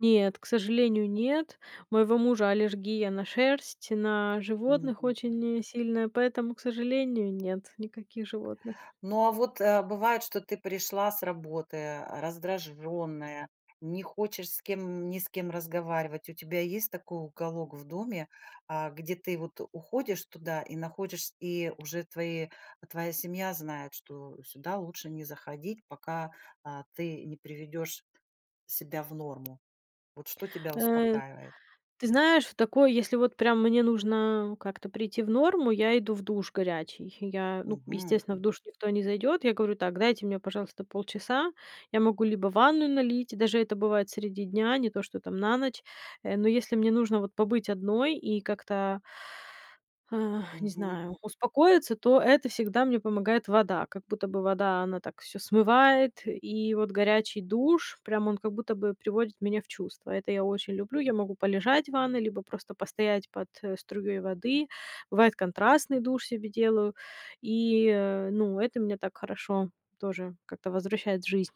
Нет, к сожалению, нет. Моего мужа аллергия на шерсть, на животных Мгм. очень сильная, поэтому, к сожалению, нет, никаких животных. Ну а вот, э, бывает, что ты пришла с работы, а, раздражённая, не хочешь с кем ни с кем разговаривать. У тебя есть такой уголок в доме, а, где ты, вот, уходишь туда и находишь и уже твои твоя семья знает, что сюда лучше не заходить, пока, а, ты не приведёшь себя в норму. Вот что тебя Э. успокаивает? Ты знаешь, в такой если вот, прям, мне нужно как-то прийти в норму, я иду в душ горячий. Я ну, к Мгм. естественно, в душ никто не зайдёт. Я говорю, так, дайте мне, пожалуйста, полчаса. Я могу либо ванную налить, даже это бывает среди дня, не то, что там на ночь. Э, но если мне нужно, вот, побыть одной и как-то а, не Мгм. знаю, успокоиться, то это всегда мне помогает вода. Как будто бы вода, она так, всё смывает. И вот горячий душ, прям он, как будто бы, приводит меня в чувства. Это я очень люблю. Я могу полежать в ванной, либо просто постоять под, э, струей воды. Бывает контрастный душ себе делаю. И, э, ну, это меня так хорошо тоже как-то возвращает в жизнь.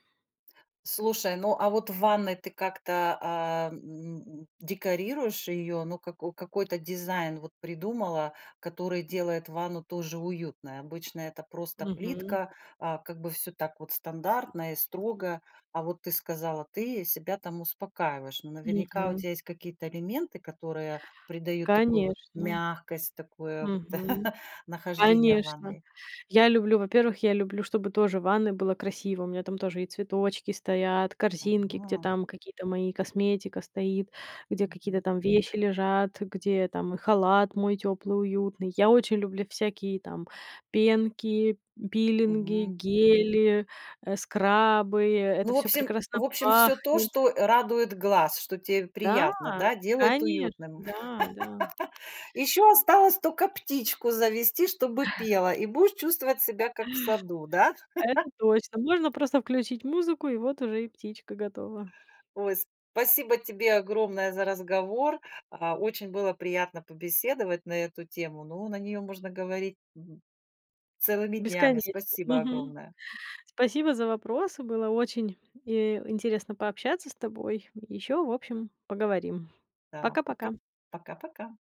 Слушай, ну, а вот в ванной ты как-то, а, м, декорируешь её, ну, како какой-то дизайн, вот, придумала, который делает ванну тоже уютной? Обычно это просто Мгм. плитка, а, как бы всё так вот стандартно и строго, а вот ты сказала, ты себя там успокаиваешь, но наверняка у Мгм. тя есть какие-то элементы, которые придают такую вот Конечно. мягкость, такое вот Мгм, нахождение в конечно. ванной. Я люблю, во-первых, я люблю, чтобы тоже в ванной было красиво. У меня там тоже и цветочки стоят, корзинки, где Ага. там какие-то мои, косметика стоит, где какие-то Мгм. там вещи лежат, где там халат мой тёплый, уютный. Я очень люблю всякие там пенки, пилинги, Мгм. гели, э, скрабы- это Ну, в всё обсем прекрасно в общем всё то, пахнет. что, э, радует глаз, что те Да, приятно, да, делает конечно, уютным. да, да. Еще осталось тока птичку завести, чтобы пела, и будешь чувствовать себя как в саду, да? Это точно. Можно просто включить музыку, и вот уже и птичка готова. Ой. Спасибо тебе огромное за разговор, а, очень было приятно побеседовать на эту тему. Ну, на неё можно говорить мгм, целыми днями. Бесконечно. Спасибо Мгм. огромное! Спасибо за вопросы. Было очень, э, интересно пообщаться с тобой. Ещё, в общем, поговорим. Да. Пока, Пока-пока. пока-пока.